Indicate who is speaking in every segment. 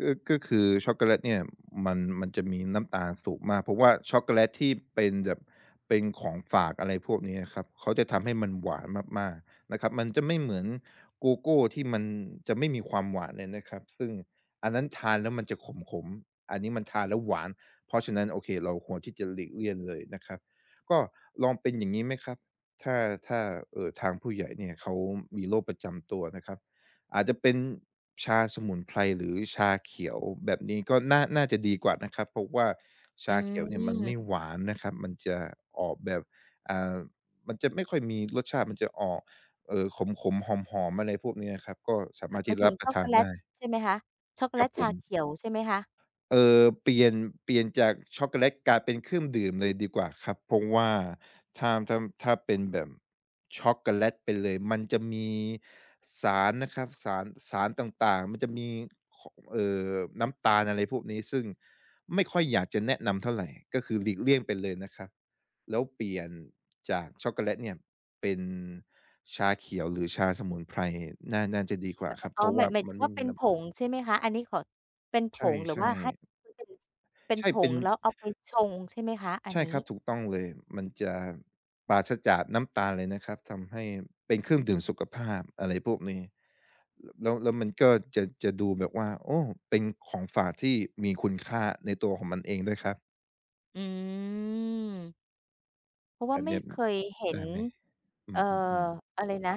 Speaker 1: ก็ ก็คือช็อกโกแลตเนี่ย มัน มันจะมีน้ำตาลสูงมาก เพราะว่าช็อคโกแลตที่เป็นแบบ เป็นของฝาก อะไรพวกเนี้ยครับ เขาจะทำให้มันหวานมาก ๆ นะครับ มันจะไม่เหมือนโกโก้ที่มันจะไม่มีความหวานเลยนะครับ ซึ่งอันนั้นทานแล้วมันจะขม ๆ อันนี้มันทานแล้วหวาน เพราะฉะนั้น โอเค เราควรที่จะหลีกเลี่ยงเลยนะครับ ก็ลองเป็น อย่างงี้ไหมครับ ถ้า ถ้า เอ่อ ทางผู้ใหญ่เนี่ยเขามีโรคประจำตัวนะครับ อาจจะเป็นชาสมุนไพร หรือชาเขียว แบบนี้ก็น่า น่าจะดีกว่านะครับ เพราะว่าช
Speaker 2: อื
Speaker 1: าเขียวเนี่ยมันไม
Speaker 2: อ
Speaker 1: ่หวานนะครับ มันจะออกแบบ อ่า มันจะไม่ค่อยมีรสชาติมันจะออก เอ่อ ขม ๆ หอม ๆ อะไรพวกเนี้ยอะครับ ก็สา
Speaker 2: ห
Speaker 1: ม
Speaker 2: ม
Speaker 1: า
Speaker 2: า
Speaker 1: ร
Speaker 2: ย
Speaker 1: ถ
Speaker 2: ห
Speaker 1: ท
Speaker 2: ม
Speaker 1: ี่
Speaker 2: า
Speaker 1: จ
Speaker 2: ย
Speaker 1: ะ
Speaker 2: ถ
Speaker 1: ร
Speaker 2: ึ
Speaker 1: ั
Speaker 2: ง
Speaker 1: บป
Speaker 2: ช
Speaker 1: ร
Speaker 2: ็
Speaker 1: ะ
Speaker 2: อก
Speaker 1: ท
Speaker 2: โก
Speaker 1: าน
Speaker 2: แล
Speaker 1: ได
Speaker 2: ต
Speaker 1: ้
Speaker 2: ใช่ไหมคะ? ช็อกโกแ
Speaker 1: ค
Speaker 2: ล
Speaker 1: รับ
Speaker 2: ต
Speaker 1: ผ
Speaker 2: ชา
Speaker 1: ม
Speaker 2: เขียวใช่ไหมคะ?
Speaker 1: เอ่อ เปลี่ยน เปลี่ยนจากช็อกโกแลตกลายเป็นเครื่อง ดื่มเลยดีกว่าครับ เพราะว่าถ้า ถ้า ถ้าเป็นแบบช็อกโกแลตไปเลย มันจะมีสารนะครับ สาร สารต่าง ๆ มันจะมี ข เอ่อ น้ำตาล อะไรพวกนี้ ซึ่งไม่ค่อยอยากจะแนะนำเท่าไร ก็คือหลีกเลี่ยงไปเลยนะครับ แล้วเปลี่ยน จากช็อกโกแลตเนี่ยเป็นชาเขียวหรือชาสมุนไพร น่า น่าจะดีกว่
Speaker 2: ม
Speaker 1: าค
Speaker 2: ม
Speaker 1: รับ
Speaker 2: อ๋
Speaker 1: เพ
Speaker 2: อ
Speaker 1: ราะ
Speaker 2: ห
Speaker 1: ว
Speaker 2: ม
Speaker 1: ่
Speaker 2: า
Speaker 1: า
Speaker 2: ย หมาย
Speaker 1: ม
Speaker 2: ถ
Speaker 1: ั
Speaker 2: ึ
Speaker 1: น
Speaker 2: ง
Speaker 1: ไม
Speaker 2: ว
Speaker 1: ่
Speaker 2: ่า
Speaker 1: ม
Speaker 2: เ
Speaker 1: ี
Speaker 2: ป็น
Speaker 1: น้
Speaker 2: ผ
Speaker 1: ำตาล
Speaker 2: งใช่ไหมคะ อันนี้ขอ เป็นผ
Speaker 1: ใ
Speaker 2: งหรือ
Speaker 1: ช
Speaker 2: ว
Speaker 1: ่
Speaker 2: ่าให้
Speaker 1: ๆ
Speaker 2: มันเป็น เป็น
Speaker 1: ใช่
Speaker 2: ผ
Speaker 1: เป็
Speaker 2: ง
Speaker 1: น
Speaker 2: แล้วเอาไปชง ใช่ไหมคะอั
Speaker 1: ใ
Speaker 2: น
Speaker 1: ช่
Speaker 2: นี
Speaker 1: ครั
Speaker 2: ้?
Speaker 1: บ ถูกต้องเลย มันจะปราศจากน้ำตาลเลยนะครับ ทำให้เป็นเครื่องดื่มสุขภาพ อะไรพวกนี้ แล้ว แล้วมันก็จะ จะดูแบบว่า โอ้ เป็นของฝากที่มีคุณค่าในตัวของมันเองด้วยครับ
Speaker 2: อืม เพราะว่
Speaker 1: อ
Speaker 2: า
Speaker 1: ัน
Speaker 2: ไม
Speaker 1: เนี
Speaker 2: ่
Speaker 1: ้ย
Speaker 2: เคยเห็
Speaker 1: ได
Speaker 2: น
Speaker 1: ้ไหม? อื
Speaker 2: เอ่อ
Speaker 1: ม ๆ ๆ
Speaker 2: อะไร นะ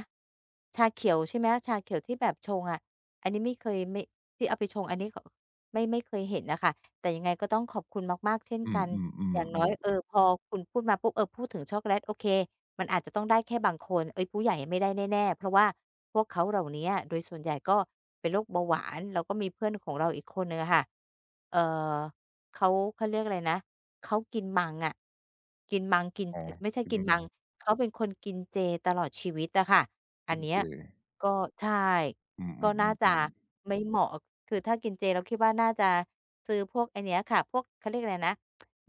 Speaker 2: ชาเขียวใช่ไหมคะ ชาเขียวที่แบบชงอะ อันนี้ไม่เคย ไม่ ที่เอาไปชงอันนี้ ไม่ ไม่เคยเห็นน่ะค่ะ แต่ยังไงก็ต้องขอบคุณมาก ๆ เช่น
Speaker 1: อื
Speaker 2: ก
Speaker 1: อ
Speaker 2: ัน อย่างน้อย
Speaker 1: ๆ
Speaker 2: เ
Speaker 1: ๆ
Speaker 2: อ
Speaker 1: ๆ
Speaker 2: อ พอคุณพูดมาปุ๊บ เออ พูดถึงช็อคโกแลต โอเค มันอาจจะต้องได้แค่บางคน เอ๊ย ผู้ใหญ่ไม่ได้แน่ ๆ เพราะว่าพวกเขาเหล่าเนี้ยโดยส่วนใหญ่ก็เป็นโรคเบาหวาน แล้วก็มีเพื่อนของเราอีกคนหนึ่งอะค่ะ เอ่อ เขา เขาเรียกอะไรนะ เขากินมังอะ กินมังกิน
Speaker 1: อ๋อ
Speaker 2: อ ไม่ใช่
Speaker 1: อื
Speaker 2: กิน มั
Speaker 1: ม
Speaker 2: ง เขาเป็นคนกินเจตลอดชีวิตอะค่ะ อ
Speaker 1: ก
Speaker 2: ั
Speaker 1: ิ
Speaker 2: น
Speaker 1: น
Speaker 2: เนี
Speaker 1: เ
Speaker 2: ้
Speaker 1: จ
Speaker 2: ยก็ ใช่
Speaker 1: อื
Speaker 2: ก็น่าจ
Speaker 1: อ
Speaker 2: ะ
Speaker 1: ๆ ๆ ๆ
Speaker 2: ไม่เหมาะ อ คือถ้ากินเจเราคิดว่าน่าจะซื้อพวกอันเนี้ยค่ะ พวก เขาเรียกอะไรนะ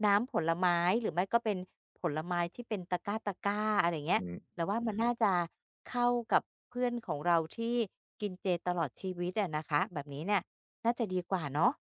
Speaker 2: น้ำผลไม้ หรือไม่ก็เป็นผลไม้ที่เป็นตะกร้า ๆ อะไรอย่างเงี้
Speaker 1: อื
Speaker 2: ย
Speaker 1: อ
Speaker 2: เราว่ามันน่าจะเข้ากับเพื่อนของเราที่กินเจตลอดชีวิตอะนะคะ แบบนี้เนี่ยน่าจะดีกว่าเนาะ